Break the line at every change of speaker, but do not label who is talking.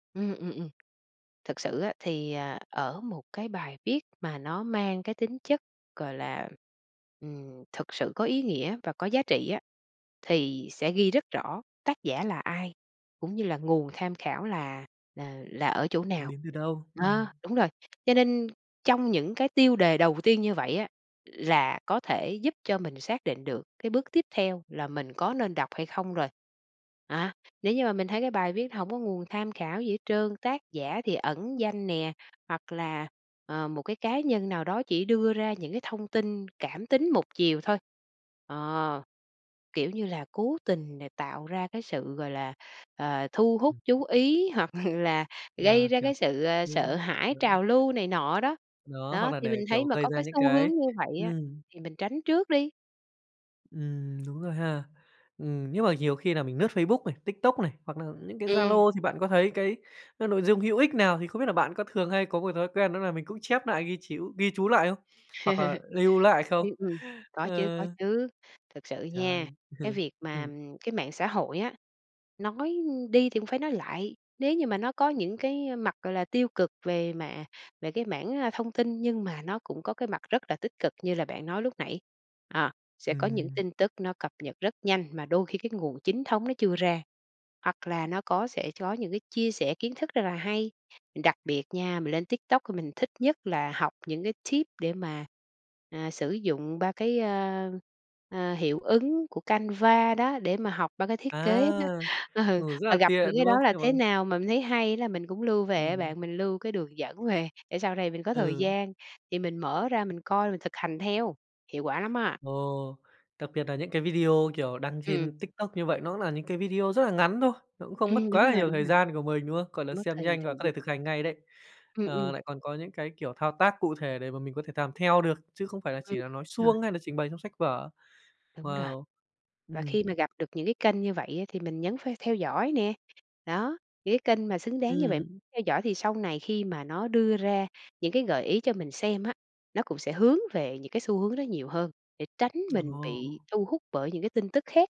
Ừm, ừm, ừm. Tthực sự á thì, à, ở một cái bài viết mà nó mang cái tính chất, gọi là, ừm, thực sự có ý nghĩa và có giá trị á, thì sẽ ghi rất rõ tác giả là ai cũng như là nguồn kham khảo là là là ở chỗ nào.
Đến từ đâu?
Đó,
Ừm.
đúng rồi. Cho nên trong những cái tiêu đề đầu tiên như vậy á là có thể giúp cho mình xác định được cái bước tiếp theo là mình có nên đọc hay không rồi. À, nếu như mà mình thấy cái bài viết hổng có nguồn tham khảo gì hết trơn, tác giả thì ẩn danh nè hoặc là, ờ, một cái cá nhân nào đó chỉ đưa ra những cái thông tin cảm tính một chiều thôi, ờ, kiểu như là, cố tình nà tạo ra cái sự, gọi là, ờ, thu hút,
Ừm.
chú ý hoặc là gây
À,
ra
kiểu
cái sự, ơ, sợ
như
hãi,
đấy.
trào lưu này nọ đó.
Đó, hoặc
Đó,
là
thì
để,
mình thấy
kiểu,
mà
gây
có
ra
cái
những
xu hướng
cái
như vậy á
ừm.
thì mình tránh trước đi.
Ừm, đúng rồi ha! Ừm, nhưng mà nhiều khi nà mình lướt Facebook này, TikTok này hoặc nà những cái
Ừm.
Zalo thì bạn có thấy cái n nội dung hữu ích nào? Thì không biết là bạn có thường hay có một thói quen đó nà mình cũng chép nại, ghi chíu ghi chú lại không? Hoặc là lưu lại không?
Ưm, ừm. Có chứ, có
Ờ.
chứ. Thực sự nha,
Trời!
cái việc mà,
Ừm.
ừm, cái mạng xã hội á, nói, ưm, đi thì cũng phải nói lại, nếu như mà nó có những cái, a, mặt, gọi là, tiêu cực về mả về cái mảng, a, thông tin thì nhưng mà nó cũng có cái mặt rất là tích cực như là bạn nói lúc nãy. À, sẽ có những
Ừm.
tin tức nó cập nhật rất nhanh mà đôi khi cái nguồn chính thống nó chưa ra. Hoặc là nó có sẽ chó những cái chia sẻ kiến thức rất là hay, đặc biệt nha, mình lên TikTok thì mình thích nhất là học những cái tip để mà, à, sử dụng ba cái, ơ, ờ, hiệu ứng của Canva đó để mà học ba cái thiết kế đó.
À.
Ừ,
Ngủ rất
mà
là
gặp
tiện,
những cái
đúng
đó
không?
là thế
[unintelligible]
nào mà mình thấy hay là mình cũng lưu về á
Ừm.
bạn, mình lưu cái đường dẫn về để sau này mình có thời
Ừ.
gian thì mình mở ra mình coi, mình thực hành theo. Hiệu quả lắm á!
Ồ! Đặc biệt nà những cái video, kiểu, đăng
Ừm.
trên TikTok như vậy nó là những cái video rất là ngắn thôi, nó cũng không mất
Ừm,
quá
đúng
là
rồi,
nhiều
đúng
thời
rồi.
gian của mình, đúng không? Gọi là
Mất
xem
thì
nhanh và
thời
có
gian.
thể thực hành ngay đấy.
Ừm,
Ờ,
ừm.
lại còn có những cái, kiểu, thao tác cụ thể để mà mình có thể làm theo được chứ không phải là chỉ
Ừm.
là nói
Rồi.
suông hay là trình bày trong sách vở.
Đúng rồi.
Wow!
Và
Ừm.
khi mà gặp được những cái kênh như vậy á thì mình nhấn ph theo dõi nè. Đó, những cái kênh mà xứng đáng như vậy
Ừm.
theo dõi thì sau này khi mà nó đưa ra những cái gợi ý cho mình xem á nó cũng sẽ hướng về những cái xu hướng đó nhiều hơn để tránh mình bị
Ồ!
thu hút bởi những cái tin tức khác.